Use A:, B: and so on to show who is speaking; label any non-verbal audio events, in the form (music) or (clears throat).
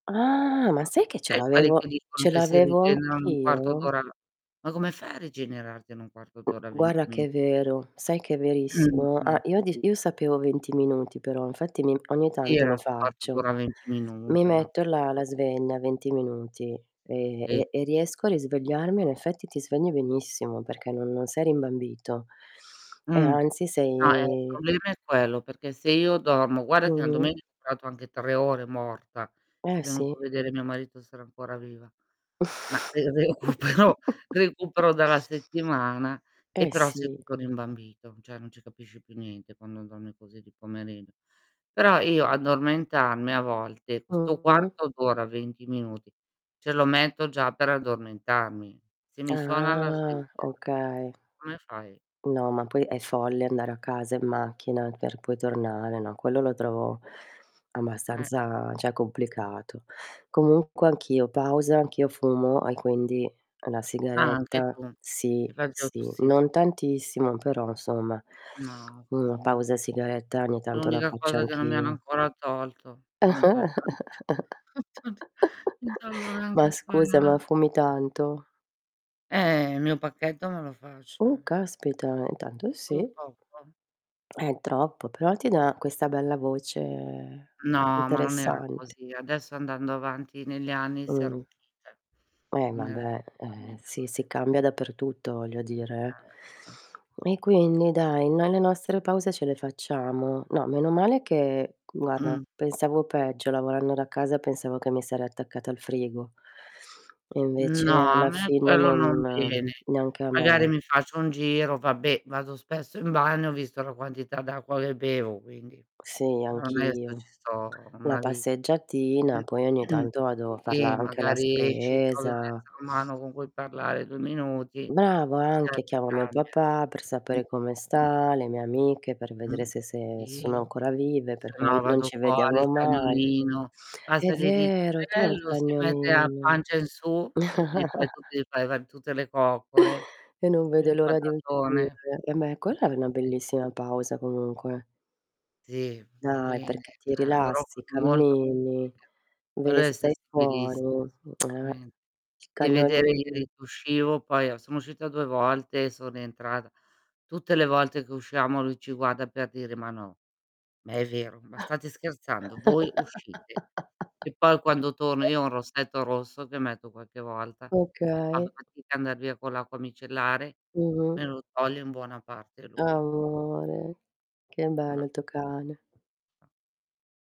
A: Ah. Ma sai che
B: (unintelligible)
A: ce
B: Eh, quelli che
A: l'avevo
B: dicono
A: ce
B: che si
A: l'avevo
B: rigenerano un quarto
A: anch'io?
B: d'ora la ma come fai a rigenerarti in un quarto
A: Mh,
B: d'ora, 20
A: guarda che
B: minuti.
A: è vero, sai che è
B: (clears throat) Cioè,
A: verissimo?
B: non ho
A: Ah, Io dic io
B: capito.
A: sapevo 20 minuti però, infatti mi ogni
B: Sì
A: tanto
B: era
A: lo
B: sul quarto
A: faccio.
B: d'ora 20
A: Mi
B: minuti, una
A: metto
B: cosa
A: la la
B: così.
A: sveglia 20 minuti e
B: Sì.
A: e e riesco a risvegliarmi in effetti ti svegli benissimo perché non non sei rimbambito
B: Mh,
A: e
B: no,
A: anzi
B: ehm, il
A: sei
B: problema è quello, perché se io dormo, guarda che una
A: Mh-mh.
B: domenica ho (unintelligible) anche 3 ore morta, è
A: Eh
B: venuto
A: sì.
B: a vedere mio marito se ero ancora viva. Ma re recupero
A: (chuckles)
B: recupero dalla settimana, e
A: Eh
B: però sei
A: sì.
B: tutto rimbambito, cioè, non ci capisci più niente quando dormi così di pomeriggio. Però io addormentarmi a volte, 'sto
A: Mh-mh.
B: quarto d'ora, 20 minuti, ce lo metto già per addormentarmi. Se mi suona la
A: Ah
B: sveglia,
A: okay.
B: come fai?
A: No, ma poi è folle andare a casa in macchina per poi tornare. No, quello lo trovo
B: Eh.
A: abbastanza cioè complicato. Comunque anch'io pausa, anch'io fumo e quindi la
B: Ah, anche
A: sigaretta
B: tu.
A: sì,
B: Infatti io
A: sì,
B: tossisco.
A: non tantissimo però insomma
B: No,
A: una
B: fumo.
A: pausa sigaretta ogni
B: È
A: tanto la
B: l'unica
A: faccio
B: cosa che non mi hanno
A: anch'io.
B: ancora tolto. Poi mi toglieranno
A: (laughs)
B: (chuckles) (unintelligible) Mi tolgono
A: Ma
B: anche
A: scusa
B: quello.
A: ma fumi
B: (unintelligible)
A: tanto?
B: Eh, mio pacchetto me lo faccio,
A: Uh
B: eh.
A: caspita, è tanto
B: Tu,
A: sì.
B: poco?
A: È troppo però ti dà questa bella voce
B: No, ma non era
A: interessant
B: così. Adesso andando avanti negli anni si
A: Mh.
B: (unintelligible)
A: Eh
B: non era
A: vabbè,
B: per
A: eh
B: niente
A: sì,
B: così.
A: si cambia dappertutto voglio dire,
B: (unintelligible)
A: eh. E quindi dai, noi le nostre pause ce le facciamo. No, meno male che guarda
B: Mh.
A: pensavo peggio, lavorando da casa pensavo che mi sarei attaccata al frigo.
B: Mhmm no,
A: Invece
B: a
A: alla
B: me
A: fine
B: quello non
A: non
B: viene.
A: neanche a
B: Magari
A: me.
B: mi faccio un giro vabbè, vado spesso in bagno visto la quantità d'acqua che bevo quindi,
A: Sì
B: però onesto ci
A: anch'io.
B: sto
A: La
B: una vi
A: passeggiatina poi ogni
B: (clears throat)
A: tanto vado a far la
B: Sì,
A: anche la
B: magari esci e trovi un
A: spesa.
B: essere umano con cui parlare 2 minuti,
A: Brava
B: già
A: anche,
B: ti
A: chiamo mio
B: cambia.
A: papà per sapere come
B: (clears throat)
A: sta, le mie amiche, per vedere
B: Mh,
A: se se sono
B: sì.
A: ancora
B: O
A: vive, perché no
B: sennò
A: non
B: vado
A: ci
B: fuori,
A: vediamo
B: il
A: mai.
B: cagnolino,
A: È
B: basta le dici:
A: vero, tu hai il
B: "Bello" si mette a
A: cagnolino.
B: pancia in su e gli fai
A: (chuckles)
B: tutti gli fai va tutte le coccole.
A: E non
B: Lui è
A: vede
B: un
A: l'ora di
B: patatone.
A: uscire. A me quella è una
B: (unintelligible)
A: bellissima pausa comunque.
B: Sì, fa
A: Dai,
B: bene,
A: perché ti
B: cioè, loro
A: rilassi,
B: fanno molto
A: cammini,
B: amicizia. Poi
A: ve
B: lei è
A: se stai fuori,
B: sensibilissima
A: (tsk) eh.
B: assolutame
A: Il
B: devi vedere
A: cagnolino.
B: ieri che uscivo poi a sono uscita 2 volte e son rientrata. Tutte le volte che usciamo lui ci guarda per dire: "Ma no, ma è vero, ma state scherzando? Voi uscite?" E poi quando torno io ho un
A: (chuckles)
B: rossetto rosso che metto qualche volta. Che fa
A: Okay.
B: fatica a andar via con l'acqua micellare,
A: Mh-mh.
B: me lo toglie in buona parte lui.
A: Amore, che bello
B: (unintelligible)
A: il tuo cane.